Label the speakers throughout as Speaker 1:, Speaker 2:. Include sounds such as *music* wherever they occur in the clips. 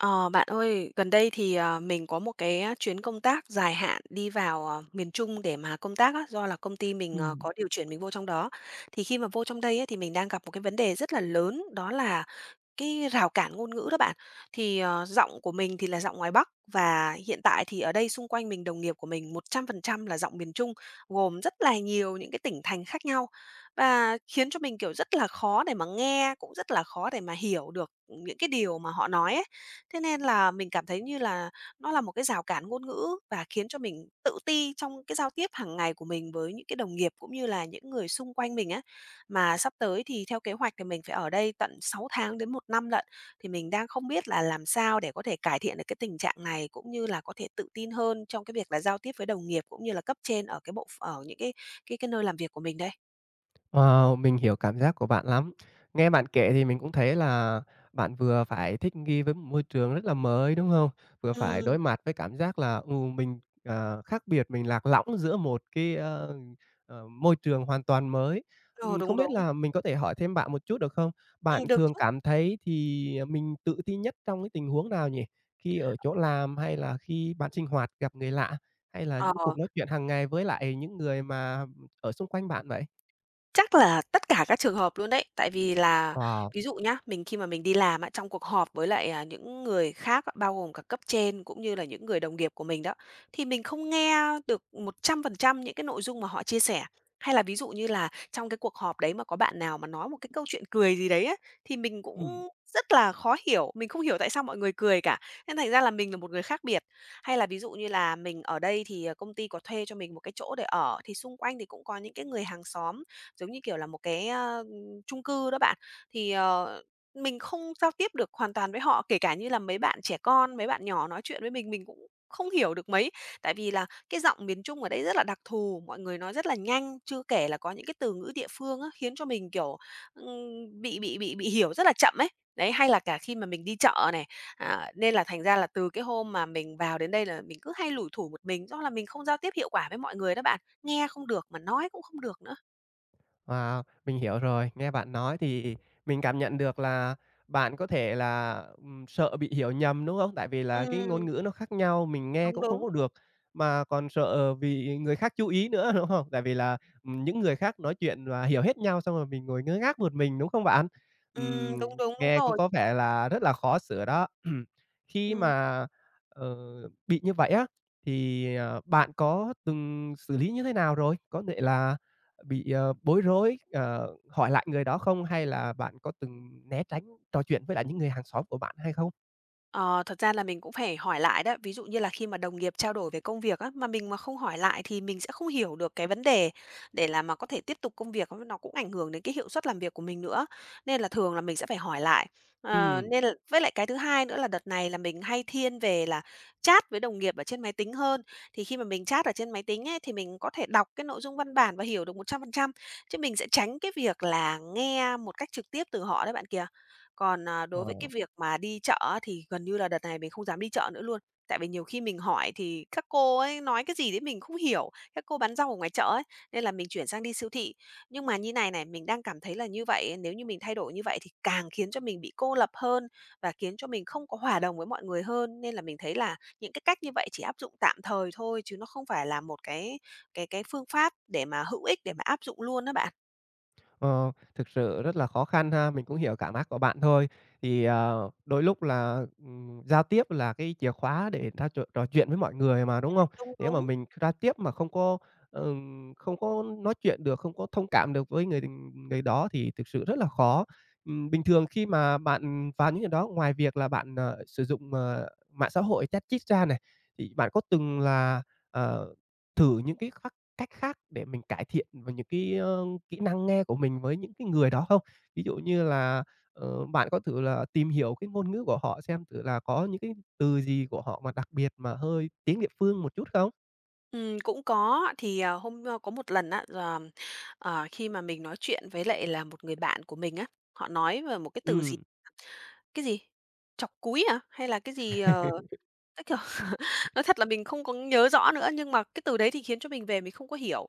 Speaker 1: Ờ, bạn ơi, gần đây thì, ờ, mình có một cái, a, chuyến công tác dài hạn đi vào, ờ, miền Trung để mà công tác á, do là công ty mình, ờ,
Speaker 2: Ừm.
Speaker 1: có điều chuyển mình vô trong đó, thì khi mà vô trong đây ấy, thì mình đang gặp một cái vấn đề rất là lớn, đó là cái rào cản ngôn ngữ đó bạn. Thì, ờ, giọng của mình thì là giọng ngoài Bắc và hiện tại thì ở đây xung quanh mình, đồng nghiệp của mình 100% là giọng miền Trung, gồm rất là nhiều những cái tỉnh thành khác nhau và khiến cho mình, kiểu, rất là khó để mà nghe, cũng rất là khó để mà hiểu được những cái điều mà họ nói ấy. Thế nên là mình cảm thấy như là nó là một cái rào cản ngôn ngữ, và khiến cho mình tự ti trong cái giao tiếp hàng ngày của mình với những cái đồng nghiệp, cũng như là những người xung quanh mình á. Mà sắp tới thì theo kế hoạch thì mình phải ở đây tận 6 tháng đến 1 năm lận, thì mình đang không biết là làm sao để có thể cải thiện được cái tình trạng này, cũng như là có thể tự tin hơn trong cái việc là giao tiếp với đồng nghiệp cũng như là cấp trên ở cái bộ ph ở những cái cái cái nơi làm việc của mình đây?
Speaker 2: Wow, mình hiểu cảm giác của bạn lắm. Nghe bạn kể thì mình cũng thấy là bạn vừa phải thích nghi với một môi trường rất là mới, đúng hông? Vừa phải
Speaker 1: Ừm.
Speaker 2: đối mặt với cảm giác là, ừ, mình, à, khác biệt, mình lạc lõng giữa một cái, a, à, môi trường hoàn toàn mới.
Speaker 1: Ừ,
Speaker 2: Ừm,
Speaker 1: đúng,
Speaker 2: không biết
Speaker 1: đúng.
Speaker 2: là mình có thể hỏi thêm bạn một chút được không?
Speaker 1: Ừm,
Speaker 2: Bạn
Speaker 1: được
Speaker 2: thường
Speaker 1: chứ.
Speaker 2: cảm thấy thì, à, mình tự ti nhất trong cái tình huống nào nhỉ? Khi ở chỗ làm, hay là khi bạn sinh hoạt gặp người lạ, hay là
Speaker 1: Ờ.
Speaker 2: những cuộc nói chuyện hàng ngày với lại những người mà, ừm, ở xung quanh bạn vậy?
Speaker 1: Chắc là tất cả các trường hợp luôn đấy. Tại vì là
Speaker 2: Wow.
Speaker 1: ví dụ nhá, mình khi mà mình đi làm á, trong cuộc họp với lại, à, những người khác, bao gồm cả cấp trên cũng như là những người đồng nghiệp của mình đó, thì mình không nghe được 100% những cái nội dung mà họ chia sẻ. Hay là ví dụ như là trong cái cuộc họp đấy mà có bạn nào mà nói một cái câu chuyện cười gì đấy á, thì mình
Speaker 2: Ừm.
Speaker 1: cũng rất là khó hiểu, mình không hiểu tại sao mọi người cười cả, nên thành ra là mình là một người khác biệt. Hay là ví dụ như là mình ở đây thì, ờ, công ty có thuê cho mình một cái chỗ để ở, thì xung quanh thì cũng có những cái người hàng xóm, giống như kiểu, là một cái, ơ, chung cư đó bạn, thì, ờ, mình không giao tiếp được hoàn toàn với họ. Kể cả như là mấy bạn trẻ con, mấy bạn nhỏ nói chuyện với mình, mình cũng không hiểu được mấy, tại vì là cái giọng miền Trung ở đây rất là đặc thù, mọi người nói rất là nhanh, chưa kể là có những cái từ ngữ địa phương á, khiến cho mình, kiểu, ưm, bị bị bị bị hiểu rất là chậm ấy. Đấy, hay là cả khi mà mình đi chợ này, à, nên là thành ra là từ cái hôm mà mình vào đến đây là mình cứ hay lủi thủi một mình, do là mình không giao tiếp hiệu quả với mọi người đó bạn, nghe không được mà nói cũng không được nữa.
Speaker 2: Wow! Mình hiểu rồi. Nghe bạn nói thì mình cảm nhận được là bạn có thể là, ừm, sợ bị hiểu nhầm, đúng không? Tại vì là cái ngôn
Speaker 1: Ừm.
Speaker 2: ngữ nó khác nhau, mình nghe
Speaker 1: Đúng,
Speaker 2: cũng không
Speaker 1: đúng.
Speaker 2: có được, mà còn sợ bị người khác chú ý nữa, đúng hông? Tại vì là, ừm, những người khác nói chuyện và hiểu hết nhau xong rồi mình ngồi ngơ ngác một mình, đúng không bạn?
Speaker 1: Ừm,
Speaker 2: Ừm,
Speaker 1: đúng, đúng, đúng
Speaker 2: nghe cũng
Speaker 1: rồi.
Speaker 2: có vẻ là rất là khó sửa đó. *clears throat* Khi
Speaker 1: Ừm.
Speaker 2: mà, ờ, bị như vậy á thì, ờ, bạn có từng xử lý như thế nào rồi? Có thể là bị, ờ, bối rối, ờ, hỏi lại người đó không? Hay là bạn có từng né tránh trò chuyện với lại những người hàng xóm của bạn hay không?
Speaker 1: Ờ, thật ra là mình cũng phải hỏi lại đó. Ví dụ như là khi mà đồng nghiệp trao đổi về công việc á, mà mình mà không hỏi lại thì mình sẽ không hiểu được cái vấn đề để là mà có thể tiếp tục công việc, nó cũng ảnh hưởng đến cái hiệu suất làm việc của mình nữa, nên là thường là mình sẽ phải hỏi lại. Ờ,
Speaker 2: Ừm.
Speaker 1: nên l với lại cái thứ hai nữa là đợt này là mình hay thiên về là chat với đồng nghiệp ở trên máy tính hơn, thì khi mà mình chat ở trên máy tính ấy, thì mình có thể đọc cái nội dung văn bản và hiểu được 100%, chứ mình sẽ tránh cái việc là nghe một cách trực tiếp từ họ đấy bạn kìa. Còn, à, đối với cái
Speaker 2: Ờ.
Speaker 1: việc mà đi chợ á thì gần như là đợt này mình không dám đi chợ nữa luôn, tại vì nhiều khi mình hỏi thì các cô ấy nói cái gì đấy mình không hiểu, các cô bán rau ở ngoài chợ ấy, nên là mình chuyển sang đi siêu thị. Nhưng mà như này này, mình đang cảm thấy là như vậy, nếu như mình thay đổi như vậy thì càng khiến cho mình bị cô lập hơn và khiến cho mình không có hòa đồng với mọi người hơn. Nên là mình thấy là những cái cách như vậy chỉ áp dụng tạm thời thôi, chứ nó không phải là một cái cái cái phương pháp để mà hữu ích, để mà áp dụng luôn á bạn.
Speaker 2: Ờ, thực sự rất là khó khăn ha. Mình cũng hiểu cảm ác của bạn thôi. Thì, à, đôi lúc là, ừm, giao tiếp là cái chìa khóa để ta trò trò chuyện với mọi người mà, đúng
Speaker 1: *unintelligible*
Speaker 2: hông?
Speaker 1: Đúng,
Speaker 2: Nếu mà
Speaker 1: đúng.
Speaker 2: mình giao tiếp mà không có, ờ, không có nói chuyện được, không có thông cảm được với người đ người đó, thì thực sự rất là khó. Ừm, bình thường khi mà bạn và những người đó ngoài việc là bạn, ờ, sử dụng, ờ, mạng xã hội chat chít ra này, thì bạn có từng là, ờ, thử những cái khác cách khác để mình cải thiện về những cái, ơ, kỹ năng nghe của mình với những cái người đó không? Ví dụ như là, ờ, bạn có thử là tìm hiểu cái ngôn ngữ của họ xem thử là có những cái từ gì của họ mà đặc biệt mà hơi tiếng địa phương một chút không?
Speaker 1: Ừm, cũng có. Thì, ờ, hôm ơ, có một lần á, là, ờ, khi mà mình nói chuyện với lại là một người bạn của mình á, họ nói về một cái từ gì
Speaker 2: Ừm.
Speaker 1: *unintelligible* cái gì, trọc cúi hả? Hay là cái gì, ờ, nó kiểu, *laughs*
Speaker 2: *laughs*
Speaker 1: nói thật là mình không có nhớ rõ nữa, nhưng mà cái từ đấy thì khiến cho mình về mình không có hiểu.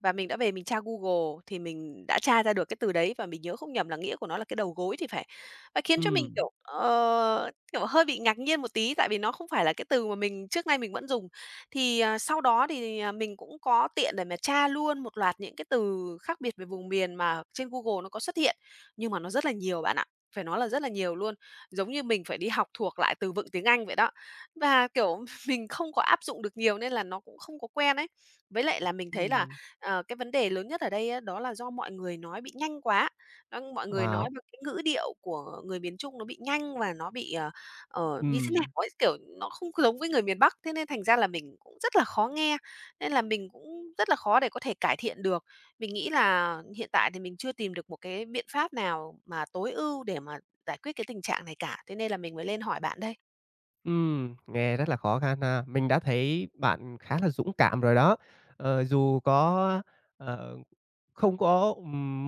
Speaker 1: Và mình đã về mình tra Google, thì mình đã tra ra được cái từ đấy và mình nhớ không nhầm là nghĩa của nó là cái đầu gối thì phải. Ờ, khiến cho mình,
Speaker 2: Ừm.
Speaker 1: kiểu, ờ, kiểu, hơi bị ngạc nhiên một tí, tại vì nó không phải là cái từ mà mình trước nay mình vẫn dùng. Thì, ờ, sau đó, thì, à, mình cũng có tiện để mà tra luôn một loạt những cái từ khác biệt về vùng miền mà trên Google nó có xuất hiện. Nhưng mà nó rất là nhiều bạn ạ, phải nói là rất là nhiều luôn. Giống như mình phải đi học thuộc lại từ vựng tiếng Anh vậy đó. Và, kiểu, mình không có áp dụng được nhiều nên là nó cũng không có quen ấy. Với lại là mình thấy là,
Speaker 2: Ừm.
Speaker 1: ờ, cái vấn đề lớn nhất ở đây á, đó là do mọi người nó bị nhanh quá. Ưm, mọi người
Speaker 2: À.
Speaker 1: nói với cái ngữ điệu của người miền Trung nó bị nhanh và nó bị, ờ, ờ, như thế nào
Speaker 2: Ừm.
Speaker 1: ấy, kiểu, nó không có giống với người miền Bắc. Thế nên thành ra là mình cũng rất là khó nghe, nên là mình cũng rất là khó để có thể cải thiện được. Mình nghĩ là hiện tại thì mình chưa tìm được một cái biện pháp nào mà tối ưu để mà giải quyết cái tình trạng này cả. Thế nên là mình mới lên hỏi bạn đây.
Speaker 2: Ừm, nghe rất là khó khăn ha! Mình đã thấy bạn khá là dũng cảm rồi đó. Ờ, dù có ờ, không có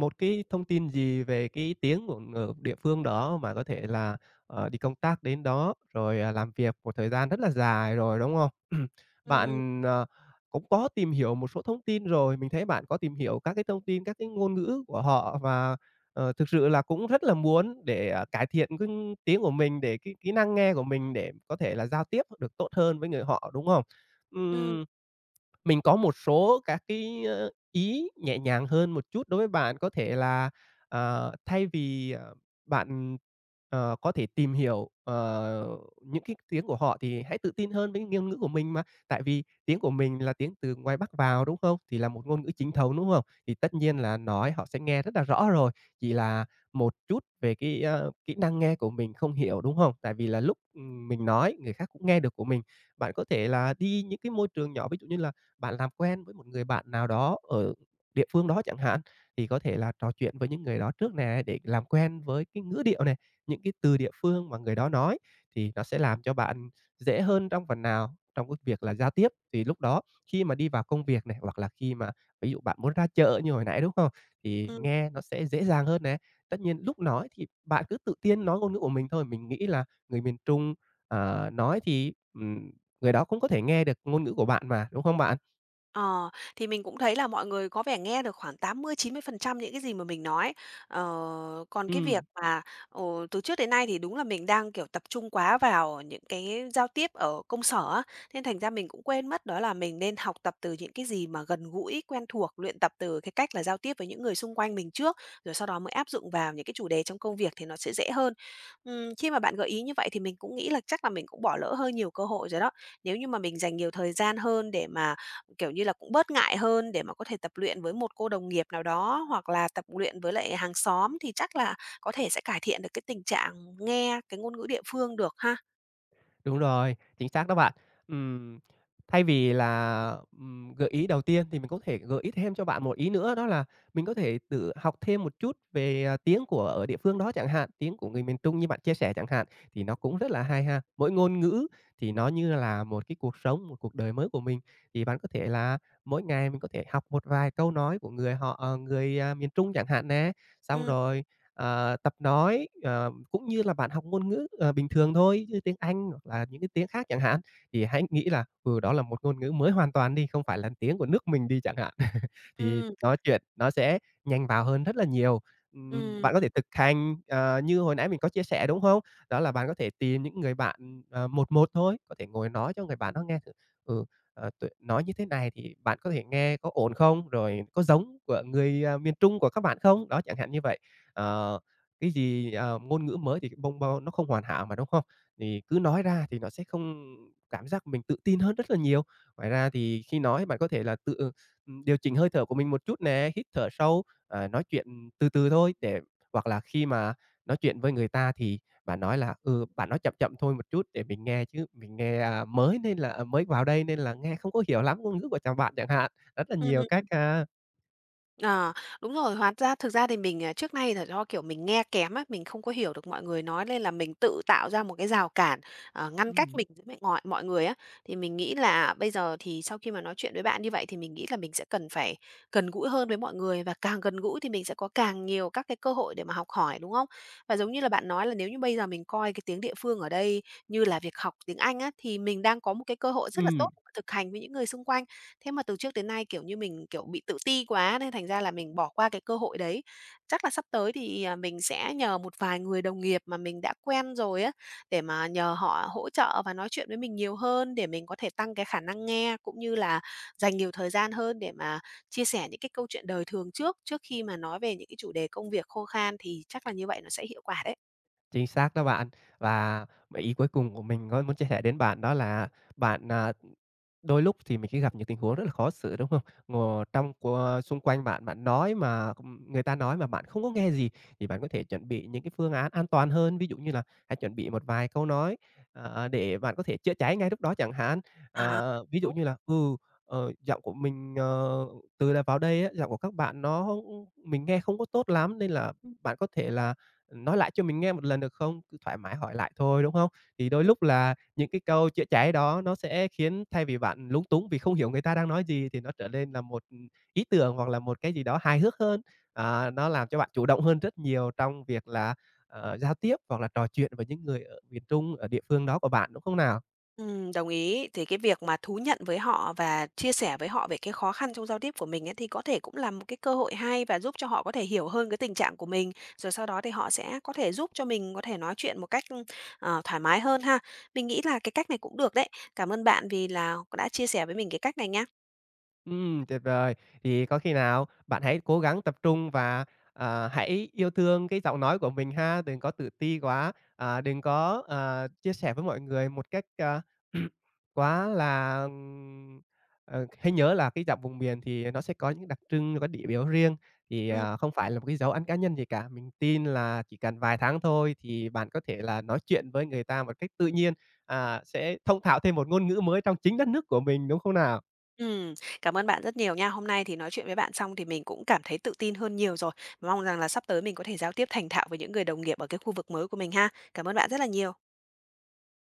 Speaker 2: một cái thông tin gì về cái tiếng của ng địa phương đó và có thể là, à, đi công tác đến đó rồi làm việc một thời gian rất là dài rồi, đúng không? *clears throat*
Speaker 1: Ừm.
Speaker 2: Bạn, ờ, cũng có tìm hiểu một số thông tin rồi, mình thấy bạn có tìm hiểu các cái thông tin các cái ngôn ngữ của họ và, ờ, thực sự là cũng rất là muốn để cải thiện cái ng tiếng của mình để cái kỹ năng nghe của mình để có thể là giao tiếp được tốt hơn với người họ, đúng không?
Speaker 1: Ừm.
Speaker 2: Ừm, mình có một số các cái ý nhẹ nhàng hơn một chút đối với bạn, có thể là, ờ, thay vì, ờ, bạn, ờ, có thể tìm hiểu, ờ, những cái tiếng của họ thì hãy tự tin hơn với ngôn ngữ của mình mà tại vì tiếng của mình là tiếng từ ngoài Bắc vào, đúng không? Thì là một ngôn ngữ chính thống, đúng không? Thì tất nhiên là nói họ sẽ nghe rất là rõ rồi, chỉ là một chút về cái, a, kỹ năng nghe của mình không hiểu, đúng không? Tại vì là lúc mình nói người khác cũng nghe được của mình. Bạn có thể là đi những cái môi trường nhỏ ví dụ như là bạn làm quen một người bạn nào đó ở địa phương đó chẳng hạn, thì có thể là trò chuyện với những người đó trước nè, để làm quen với cái ngữ điệu nè, những cái từ địa phương mà người đó nói, thì nó sẽ làm cho bạn dễ hơn trong phần nào trong cái việc là giao tiếp, thì lúc đó khi mà đi vào công việc này hoặc là khi mà ví dụ bạn muốn ra chợ như hồi nãy, đúng không? Thì
Speaker 1: Ừm.
Speaker 2: nghe nó sẽ dễ dàng hơn nè. Tất nhiên lúc nói thì bạn cứ tự tin nói ngôn ngữ của mình thôi, mình nghĩ là người miền Trung, ờ, nói thì, ừm, người đó cũng có thể nghe được ngôn ngữ của bạn mà, đúng không bạn?
Speaker 1: Ờ, thì mình cũng thấy là mọi người có vẻ nghe được khoảng 80-90% những cái gì mà mình nói. Ờ, còn cái việc
Speaker 2: Ừm.
Speaker 1: mà, ồ, từ trước đến nay thì đúng là mình đang, kiểu, tập trung quá vào những cái giao tiếp ở công sở á, nên thành ra mình cũng quên mất, đó là mình nên học tập từ những cái gì mà gần gũi, quen thuộc, luyện tập từ cái cách là giao tiếp với những người xung quanh mình trước, rồi sau đó mới áp dụng vào những cái chủ đề trong công việc thì nó sẽ dễ hơn. Ừm, khi mà bạn gợi ý như vậy thì mình cũng nghĩ là chắc là mình cũng bỏ lỡ hơi nhiều cơ hội rồi đó. Nếu như mà mình dành nhiều thời gian hơn để mà, kiểu như là, cũng bớt ngại hơn để mà có thể tập luyện với một cô đồng nghiệp nào đó hoặc là tập luyện với lại hàng xóm thì chắc là có thể sẽ cải thiện được cái tình trạng nghe cái ngôn ngữ địa phương được ha.
Speaker 2: Đúng rồi, chính xác đó bạn. Ừm. Thay vì là, ừm, gợi ý đầu tiên thì mình có thể gợi ý thêm cho bạn một ý nữa đó là mình có thể tự học thêm một chút về, ờ, tiếng của ở địa phương đó chẳng hạn, tiếng của người miền Trung như bạn chia sẻ chẳng hạn, thì nó cũng rất là hay ha. Mỗi ngôn ngữ thì nó như là một cái cuộc sống, cuộc đời mới của mình, thì bạn có thể là mỗi ngày mình có thể học một vài câu nói của người họ à, người miền Trung chẳng hạn nè, xong
Speaker 1: Ừm.
Speaker 2: rồi, ờ, tập nói, ờ, cũng như là bạn học ngôn ngữ, ờ, bình thường thôi, như tiếng Anh hoặc là những cái tiếng khác chẳng hạn. Thì hãy nghĩ là, ừ, đó là một ngôn ngữ mới hoàn toàn đi, không phải là tiếng của nước mình đi chẳng hạn, *laughs* thì
Speaker 1: Ừm.
Speaker 2: nói chuyện nó sẽ nhanh vào hơn rất là nhiều. Ừm,
Speaker 1: Ừm,
Speaker 2: bạn có
Speaker 1: ừm.
Speaker 2: thể thực hành, ờ, như hồi nãy mình có chia sẻ, đúng không? Đó là bạn có thể tìm những người bạn, ờ, 1:1 thôi, có thể ngồi nói cho người bạn đó nghe thử: "Ừ, ờ, tôi nói như thế này thì bạn có thể nghe có ổn không?" Rồi "Có giống của người, à, miền Trung của các bạn không?" Đó, chẳng hạn như vậy. Ờ, cái gì, ờ, ngôn ngữ mới thì bông bô nó không hoàn hảo mà, đúng không? Thì cứ nói ra thì nó sẽ không cảm giác mình tự tin hơn rất là nhiều. Ngoài ra thì khi nói bạn có thể là tự, ừm, điều chỉnh hơi thở của mình một chút nè, hít thở sâu, ờ, nói chuyện từ từ thôi để hoặc là khi mà nói chuyện với người ta thì bạn nói là "Ừ, bạn nói chậm chậm thôi một chút để mình nghe, chứ mình nghe, a, mới nên là mới vào đây nên là nghe không có hiểu lắm ngôn ngữ của chồng bạn" chẳng hạn, rất là
Speaker 1: Ừm,
Speaker 2: nhiều cách
Speaker 1: ừm.
Speaker 2: ha.
Speaker 1: Ờ, đúng rồi hóa ra thực ra thì mình, à, trước nay là do, kiểu, mình nghe kém á, mình không có hiểu được mọi người nói nên là mình tự tạo ra một cái rào cản, ờ, ngăn cách
Speaker 2: Ừm.
Speaker 1: mình với mẹ ngọi mọi người á. Thì mình nghĩ là bây giờ thì sau khi mà nói chuyện với bạn như vậy thì mình nghĩ là mình sẽ cần phải gần gũi hơn với mọi người và càng gần gũi thì mình sẽ có càng nhiều các cái cơ hội để mà học hỏi, đúng không? Và giống như là bạn nói là nếu như bây giờ mình coi cái tiếng địa phương ở đây như là việc học tiếng Anh á, thì mình đang có một cái cơ hội rất là tốt
Speaker 2: Ừm.
Speaker 1: thực hành với những người xung quanh, thế mà từ trước tới nay, kiểu, như mình, kiểu, bị tự ti quá nên thành ra là mình bỏ qua cái cơ hội đấy, chắc là sắp tới thì mình sẽ nhờ một vài người đồng nghiệp mà mình đã quen rồi á, để mà nhờ họ hỗ trợ và nói chuyện với mình nhiều hơn, để mình có thể tăng cái khả năng nghe cũng như là dành nhiều thời gian hơn để mà chia sẻ những cái câu chuyện đời thường trước, trước khi mà nói về những cái chủ đề công việc khô khan thì chắc là như vậy nó sẽ hiệu quả đấy.
Speaker 2: Chính xác đó bạn. Và ý cuối cùng của mình có muốn chia sẻ đến bạn đó là bạn, à, đôi lúc thì mình sẽ gặp những tình huống rất là khó xử, đúng không? Ngồi trong co xung quanh bạn, bạn nói mà người ta nói mà bạn không có nghe gì thì bạn có thể chuẩn bị những cái phương án an toàn hơn. Ví dụ như là hãy chuẩn bị một vài câu nói, ờ, để bạn có thể chữa cháy ngay lúc đó chẳng hạn.
Speaker 1: À,
Speaker 2: À, ví dụ
Speaker 1: đúng.
Speaker 2: như là "Ừ, ờ, giọng của mình, ờ, từ đợt vào đây á, giọng của các bạn nó mình nghe không có tốt lắm, nên là bạn có thể là nói lại cho mình nghe một lần, được không?" Cứ thoải mái hỏi lại thôi, đúng không? Thì đôi
Speaker 1: *unintelligible*
Speaker 2: lúc là những cái câu chữa cháy đó nó sẽ khiến thay vì bạn lúng túng vì không hiểu người ta đang nói gì thì nó trở nên là một ý tưởng hoặc là một cái gì đó hài hước hơn. À, nó làm cho bạn chủ động hơn rất nhiều trong việc là, à, giao tiếp hoặc là trò chuyện với những người ở miền Trung, ở địa phương đó của bạn, đúng không nào?
Speaker 1: Ừm, đồng ý, thì cái việc mà thú nhận với họ và chia sẻ với họ về cái khó khăn trong giao tiếp của mình ấy, thì có thể cũng là một cái cơ hội hay và giúp cho họ có thể hiểu hơn cái tình trạng của mình, rồi sau đó thì họ sẽ có thể giúp cho mình có thể nói chuyện một cách, ưm, ờ, thoải mái hơn ha? Mình nghĩ là cái cách này cũng được đấy, cảm ơn bạn vì là đã chia sẻ với mình cái cách này nha.
Speaker 2: Ừm, tuyệt vời! Thì có khi nào bạn hãy cố gắng tập trung và, à, hãy yêu thương cái giọng nói của mình ha, đừng có tự ti quá, à, đừng có, à, chia sẻ với mọi người một cách, à, *clears throat* quá là, ừm, ừ, hãy nhớ là cái giọng vùng miền thì nó sẽ có những đặc trưng, có điểm yếu riêng thì,
Speaker 1: Ừm.
Speaker 2: à, không phải là một cái dấu ấn cá nhân gì cả. Mình tin là chỉ cần vài tháng thôi thì bạn có thể là nói chuyện với người ta một cách tự nhiên, à, sẽ thông thạo thêm một ngôn ngữ mới trong chính đất nước của mình, đúng không nào?
Speaker 1: Ừm, cảm ơn bạn rất nhiều nha. Hôm nay thì nói chuyện với bạn xong thì mình cũng cảm thấy tự tin hơn nhiều rồi, mong rằng là sắp tới mình có thể giao tiếp thành thạo với những người đồng nghiệp ở cái khu vực mới của mình ha. Cảm ơn bạn rất là nhiều.